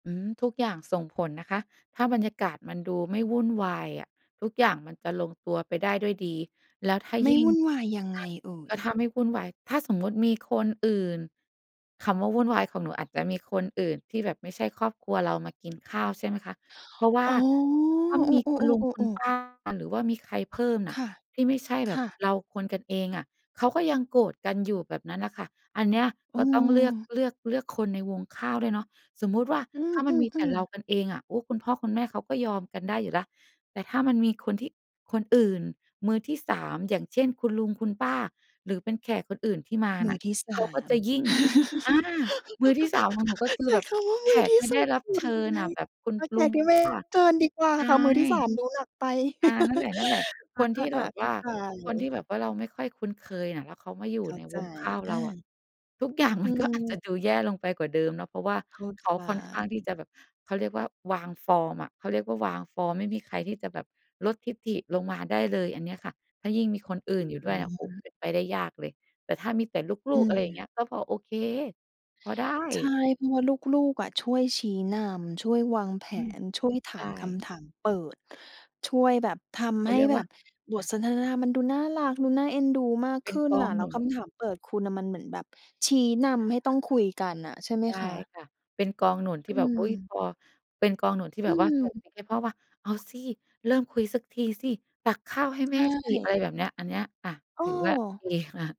อืม ทุกอย่างส่งผลนะคะ ถ้าบรรยากาศมันดูไม่วุ่นวายอะ ทุกอย่างมันจะลงตัวไปได้ด้วยดี แล้วถ้าไมย่ิ่วง ุ่นวายยังถไ้งา เอ่กย? ็ถ้าไม่วุ่นวาย ถ้า สมมุติมีคนอื่น คำว่าวุ่นวายของหนูอาจจะมีคนอื่นที่แบบไม่ใช่ครอบครัวเรามากิน ข้าว ใช่ไหมคะ เพราะว่าอ๋อ ถ้าไม่เอมีคุณลุงอ คุณ ๆ ๆ ปๆ ๆ ้า หรือว่ามีใครเพิ่มคน่ะ ่ะ ที่ไม่ใช่คแบบ่ะ เราคนกันเองอะเขาก็ยังโกรธกันอยู่แบบนั้นน่ะค่ะ อันเนี้ยอกื็ต้องเลือก ม เลือก เลือกคนในวงข้าวด้วยเนาะ สมมุติว่าอืถ้ามันมีแต่อ เรๆ าๆ กันเองอะ โอ้ คุณพ่อคุณแม่เขาก็ยอมกันได้อยู่แล้ว แต่ถ้ามันมีคนที่ คนอื่น มือที่ 3 อย่างเช่น คุณลุงคุณป้า หรือเป็นแขกคนอื่นที่มามืน่อะ ที่ สเขาาก็ม จะยิ่ง อา มือที่ 3ของหนู ก็คืใอช้แบบคำว่ามแขือกที่ไม่สไดุ้ด รับสุเดชิยังญไง อะแบบคุณเอาแขลุกงที่คไุมณ่ รป้า ับเชิญดีกว่าใช่ ค่ะ มือที่ 3 ดูหนักไป อา นั่นแหละ ๆ คนที่อแา บๆ บๆ เขว้่าา ใคนทีจ ่แบบว่าเราไม่ค่อยคุ้นเคยน่ะ แล้วเขามาอยูเ่ข้าในใจ วงข้าวอเราอะา ทุก อย่างอืมันก็ อาจจะม ดูแย่ลงไปกว่าเดิมเนาะ เพราะว่าเข้าเใขจ าค่อนข้างที่จะแบบ เขาเรียกว่าวางฟอร์มอะเขาเรียกว่าวางฟอร์ม ไม่มีใครที่จะแบบลดทิฐิลงมาได้เลย อันเนี้ยค่ะ ถ้ายิ่งมีคนออื่นอยู่ดื้วยเนี่ย โอ้ ม เป็นไปได้ยากเลย แต่ถ้ามีแต่ลอืูก ๆ อะไรอย่างเงม ี้ย ก็พอโอเค พอไดใช่้ เพราะว่าลูก ๆ อะช่วยชี้นำ ช่วยวางแผอืม น ช่วยถใชา่ มคำถามเปิด ช่วยแบบทเขำใาหเร้ียกแบว่า บบอทา สนทนา มันดูน่ารักดูน่าเอ็นดูมากเปข็นึ้นกอน่งะ แล้หนวุคำน ถามเปิด คุณน่ะมันเหมือนแบบชี้นำให้ต้องคุยกันอะ ใช่ไหมได้คะ? ค่ะ เป็นกองหนุนทีอื่แบบ อุ๊ย พม อ เป็นกองหนุนที่อแบืบว่าส่งม ซิกให้พ่อว่า "เอาสิ เริ่มคุยสักทีสิ ตักข้าวให้ใแชม่สิ" อะไร่ แบบเนี้ย อันเนี้ย อา เถือว่าดีออ ค่ะ